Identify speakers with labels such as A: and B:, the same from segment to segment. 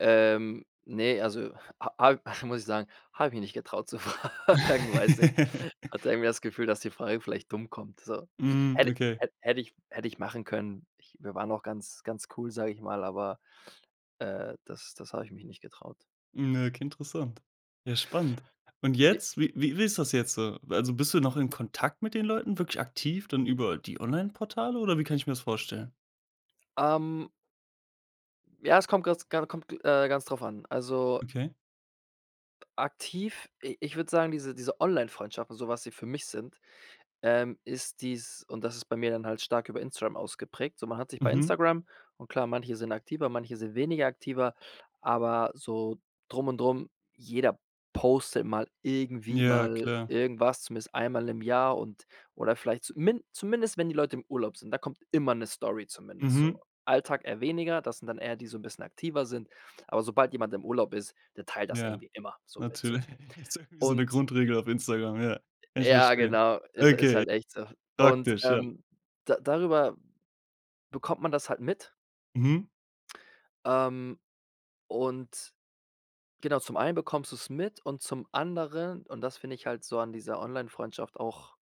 A: Ähm, ne, also a a muss ich sagen, habe ich mich nicht getraut zu fragen, weiß du, ich hatte irgendwie das Gefühl, dass die Frage vielleicht dumm kommt, so.
B: Mhm.
A: Hätt
B: Okay.
A: hätt hätt ich hätt ich machen können. Ich wir waren auch ganz ganz cool, sage ich mal, aber, äh, das das habe ich mich nicht getraut.
B: Ja, k Interessant. Ja, spannend. Und
A: J
B: jetzt? Wie wie wie ist das jetzt so? W also bist du noch in Kontakt mit den Leuten, wirklich aktiv dann über die Onlineportale, oder wie kann ich mir das vorstellen?
A: Ähm ja, es kommt grad s gan kommt, g äh, ganz drauf an. Also
B: Okay.
A: aktiv, i ich würde sagen, diese diese Onlinefreundschaften und so, was sie für mich sind, ähm, ist dies und das ist bei mir dann halt stark über Instagram ausgeprägt. So man hat sich bei
B: Mhm.
A: Instagram und klar, manche sind aktiver, manche sind weniger aktiver, aber so drum und drum, jeder postet mal irgendwie
B: Ja,
A: mal
B: klar.
A: irgendwas, zumindest einmal im Jahr und oder vielleicht zumin zumindest, wenn die Leute im Urlaub sind. Da kommt immer 'ne Story, zumindest so.
B: Mhm.
A: Alltag eher weniger, das sind dann eher die so 'n bisschen aktiver sind. Aber sobald jemand im Urlaub ist, der teilt das
B: Ja,
A: irgendwie immer so mit so.
B: natürlich. Ist irgendwie so 'ne
A: Und
B: Grundregel auf Instagram, ja. Ich
A: Ja,
B: verstehe.
A: genau, ist ist
B: Okay.
A: halt echt so. Und,
B: Praktisch, ja.
A: ähm, da darüber bekommt man das halt mit.
B: Mhm.
A: Ähm, und genau, zum einen bekommst du es mit und zum anderen, und das finde ich halt so an dieser Onlinefreundschaft auch,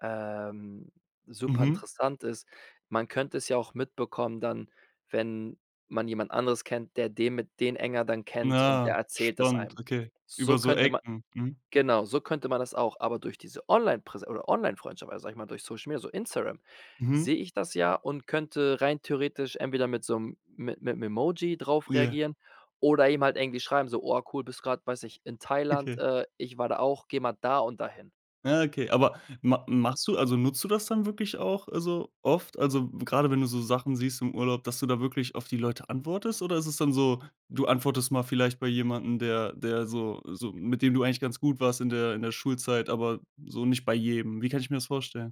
A: ähm, super
B: Mhm.
A: interessant ist, man könnte es ja auch mitbekommen dann, wenn man jemand anderes kennt, der den mit den enger dann kennt und der
B: Ah,
A: erzählt das
B: spannend,
A: einem.
B: okay.
A: So
B: Über so
A: könnte man
B: Ecken. Mhm.
A: genau, so könnte man das auch, aber durch diese Onlinepräs oder Onlinefreundschaft, also sag mal, durch Social Media, so Instagram,
B: Mhm.
A: sehe ich das ja und könnte rein theoretisch entweder mit so 'nem mit mit 'm Emoji drauf
B: Ja.
A: reagieren oder ihm halt irgendwie schreiben so: „Oh, cool, bist grad, weiß ich, in Thailand.
B: Okay.
A: Äh, ich war da auch. Geh mal da und dahin.“
B: Ja, okay. Aber ma machst du also nutzt du das dann wirklich auch, also oft? Also, gerade wenn du so Sachen siehst im Urlaub, dass du da wirklich auf die Leute antwortest? Oder ist es dann so: Du antwortest mal vielleicht bei jemandem, der der so so mit dem du eigentlich ganz gut warst in der in der Schulzeit, aber so nicht bei jedem. Wie kann ich mir das vorstellen?